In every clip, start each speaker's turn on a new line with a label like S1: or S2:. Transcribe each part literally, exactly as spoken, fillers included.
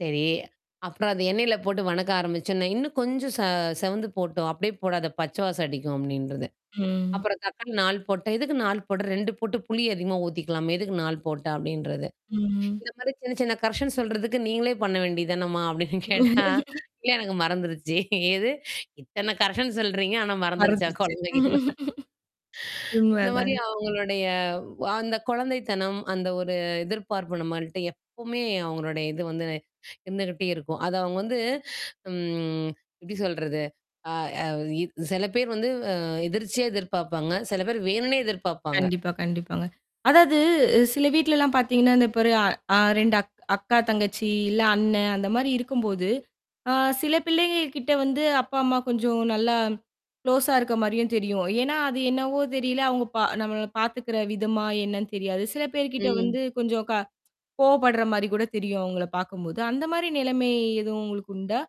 S1: சரி. அப்புறம் அத எண்ணெயில போட்டு வணக்க ஆரம்பிச்சோன்னே. ''இன்னும் கொஞ்சம் ச செவந்து போட்டும் அப்படியே போடாத பச்ச வாசம் அடிக்கும்'' அப்டின்றது.
S2: ம்.
S1: அப்புறம் தக்காளி நாலு போட்டா ''எதுக்கு நாலு போட்ற? ரெண்டு போட்டு புளி அதிகமா ஊத்திக்கலாமே எதுக்கு நாலு போட்ட?'' அப்டின்றது.
S2: ம்.
S1: இந்த மாரி சின்ன சின்ன கரெக்ஷன் சொல்றதுக்கு நீங்களே பண்ண வேண்டிதானம்மா அப்டின்னு கேட்டா, இல்ல எனக்கு மறந்துருச்சு. எது இத்தன கரெக்ஷன் சொல்றீங்க ஆனா மறந்துருச்சா
S2: மறந்துருச்சு.
S1: கொழம்பு வைக்க சொன்னா.
S2: உண்ம
S1: இந்த மாரி
S2: தான்.
S1: அவங்களுடைய வா அந்த குழந்தைத்தனம் அந்த ஒரு எதிர்பார்ப்பு நம்மள்ட்ட எப்பவுமே அவங்களுடைய இது வந்து இருந்துகிட்டே இருக்கும். அத அவங்க வந்து ம். எப்படி சொல்றது அ அ சில பேர் வந்து அ எதிர்ச்சியா எதிர்பார்ப்பாங்க, சில பேர் வேணுன்னே எதிர்பார்ப்பாங்க.
S2: கண்டிப்பா, கண்டிப்பாங்க. அதாவது சில வீட்லலாம் பார்த்தீங்கன்னா. இந்த பாரு அ அ ரெண்டு அக் அக்கா தங்கச்சி இல்ல அண்ணன் அந்த மாரி இருக்கும்போது அ சில பிள்ளைங்க கிட்ட வந்து அப்பா, அம்மா கொஞ்சம் நல்லா க்ளோஸா இருக்க மாரியும் தெரியும். ஏன்னா, அது என்னவோ தெரியல அவங்க பா நம்மள பார்த்துக்கிற விதமா என்னன்னு தெரியாது. சில பேர் கிட்ட
S1: ம்.
S2: வந்து கொஞ்சம் க கோவப்படுற மாதிரி கூட தெரியும். அவங்கள பார்க்கும்போது. அந்த மாரி நிலமை எதுவும் உங்களுக்கு உண்டா?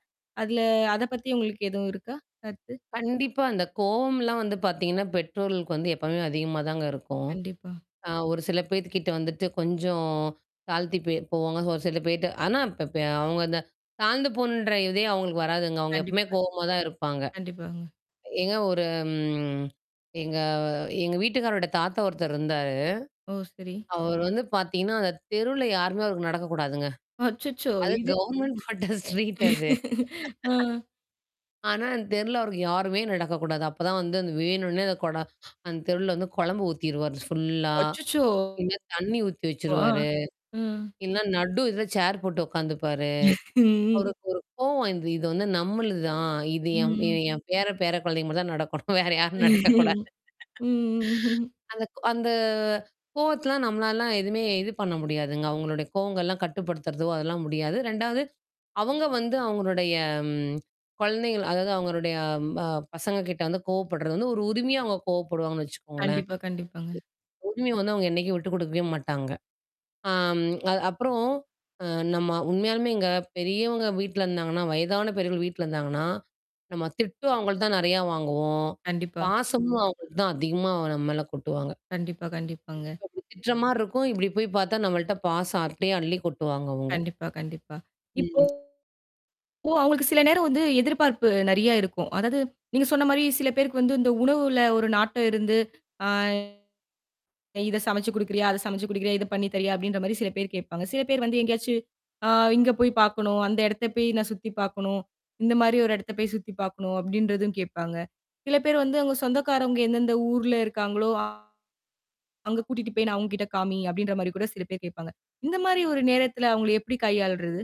S2: அதில அத பத்தி உங்களுக்கு எதுவும் இருக்கா கருத்து?
S1: கண்டிப்பா. அந்த கோவம்லாம் வந்து பார்த்தீங்கன்னா, பெற்றோர்களுக்கு வந்து எப்போவுமே அதிகமாதாங்க இருக்கும்.
S2: கண்டிப்பா.
S1: அ ஒரு சில பேர்த்துக்கிட்ட வந்துட்டு கொஞ்சம் தாழ்த்தி பெ போவாங்க. ஒரு சில பேர்ட்ட ஆனா இப்ப இப்ப அவங்க அந்த தாழ்ந்து போணுன்ற இதே அவங்களுக்கு வராதுங்க. அவங்க எப்பவுமே
S2: கண்டிப்பா,
S1: கோவமா தான் இருப்பாங்க.
S2: கண்டிப்பா. கண்டிப்பாங்க.
S1: எங்க ஒரு ம். எங்க எங்க வீட்டுக்காரரோட தாத்தா ஒருத்தர் இருந்தாரு.
S2: ஓ! சரி.
S1: அவர் வந்து பார்த்தீங்கன்னா அந்த தெருவுல யாருமே அவருக்கு நடக்கக்கூடாதுங்க.
S2: அச்சச்சோ!
S1: அது
S2: இது
S1: கவர்ன்மென்ட் போட்ட ஸ்ட்ரீட் அது.
S2: ஆ.
S1: ஆனா அந்த தெருல அவருக்கு யாருமே நடக்கக்கூடாது. அப்பதான் வந்து அந்த வேணும்ன்னே அந்த குடை, அந்த தெருல வந்து குழம்பு ஊத்திருவாரு ஃபுல்லா.
S2: அச்சச்சோ!
S1: இல்ல தண்ணி ஊத்தி
S2: ஆ.
S1: வச்சுருவாரு.
S2: ம்.
S1: இல்லன்னா நடு இதில சேர் போட்டு உட்காந்துப்பாரு.
S2: ம்.
S1: அவருக்கு ஒரு கோவம் வந்து இது வந்து நம்மளுது தான். இது என்
S2: ம்.
S1: என் பேர பேர குழந்தைங்க மட்டும்தான் நடக்கணும் வேற யாரும் நடக்கக்கூடாது.
S2: ம்.
S1: அந்த அந்த கோவத்தலாம் நம்மளாலலாம் எதுவுமே இது பண்ண முடியாதுங்க. அவங்களுடைய கோவங்கள்லாம் கட்டுப்படுத்துறதோ அதெல்லாம் முடியாது. ரெண்டாவது அவங்க வந்து அவங்களுடைய ம் குழந்தைகள் அதாவது அவங்களுடைய ப பசங்க கிட்ட வந்து கோவப்படுறது வந்து ஒரு உரிமையா அவங்க கோவப்படுவாங்கன்னு வச்சுக்கோங்களேன்.
S2: கண்டிப்பா. கண்டிப்பாங்க.
S1: உரிமைய வந்து அவங்க என்னைக்கும் விட்டுக் கொடுக்கவே மாட்டாங்க. ஆம், அது அப்புறம் அ நம்ம உண்மையாலுமேங்க பெரியவங்க வீட்ல இருந்தாங்கன்னா. வயதான பெரியவர்கள் வீட்ல இருந்தாங்கன்னா. நம்ம திட்டும் அவங்கள்ட்ட தான் நிறையா வாங்குவோம்,
S2: கண்டிப்பா.
S1: பாசமும் அவங்க தான் அதிகமா நம்ம மேல கொட்டுவாங்க.
S2: கண்டிப்பா. கண்டிப்பாங்க.
S1: அப்படி திட்டுற மாரி இருக்கும். இப்டி போய் பார்த்தா நம்மள்ட்ட பாசம் அப்டியே அள்ளி கொட்டுவாங்க அவங்க.
S2: கண்டிப்பா. கண்டிப்பா. இப்போ
S1: ம்.
S2: அவங்களுக்கு சில நேரம் வந்து எதிர்பார்ப்பு நிறைய இருக்கும். அதாவது நீங்க சொன்ன மாரி சில பேருக்கு வந்து இந்த உணவுல ஒரு நாட்டம் இருந்து ஆ [unintelligible] இத சமச்சு கொடுக்கிறயா? அதை சமச்சு கொடுக்கிறயா இத பண்ணி தரியா? அப்டின்ற மாரி சில பேர் கேட்பாங்க. சில பேர் வந்து எங்கேயாச்சு அ இங்க போய் பார்க்கணும். அந்த இடத்த போய் நான் சுத்திப் பார்க்கணும். இந்த மாரி ஒரு இடத்த போய் சுத்தி பார்க்கணும் அப்டின்றதும் கேட்பாங்க. சில பேர் வந்து அவங்க
S1: [unintelligible]
S2: சொந்தக்காரவுங்க எந்தெந்த ஊர்ல இருக்காங்களோ, அங்க கூட்டிட்டு போய் நான் அவங்க கிட்ட காமி அப்டின்ற மாரி கூட சில பேர் கேட்பாங்க. இந்த மாரி ஒரு நேரத்துல அவங்கள எப்படி கையாள்றது?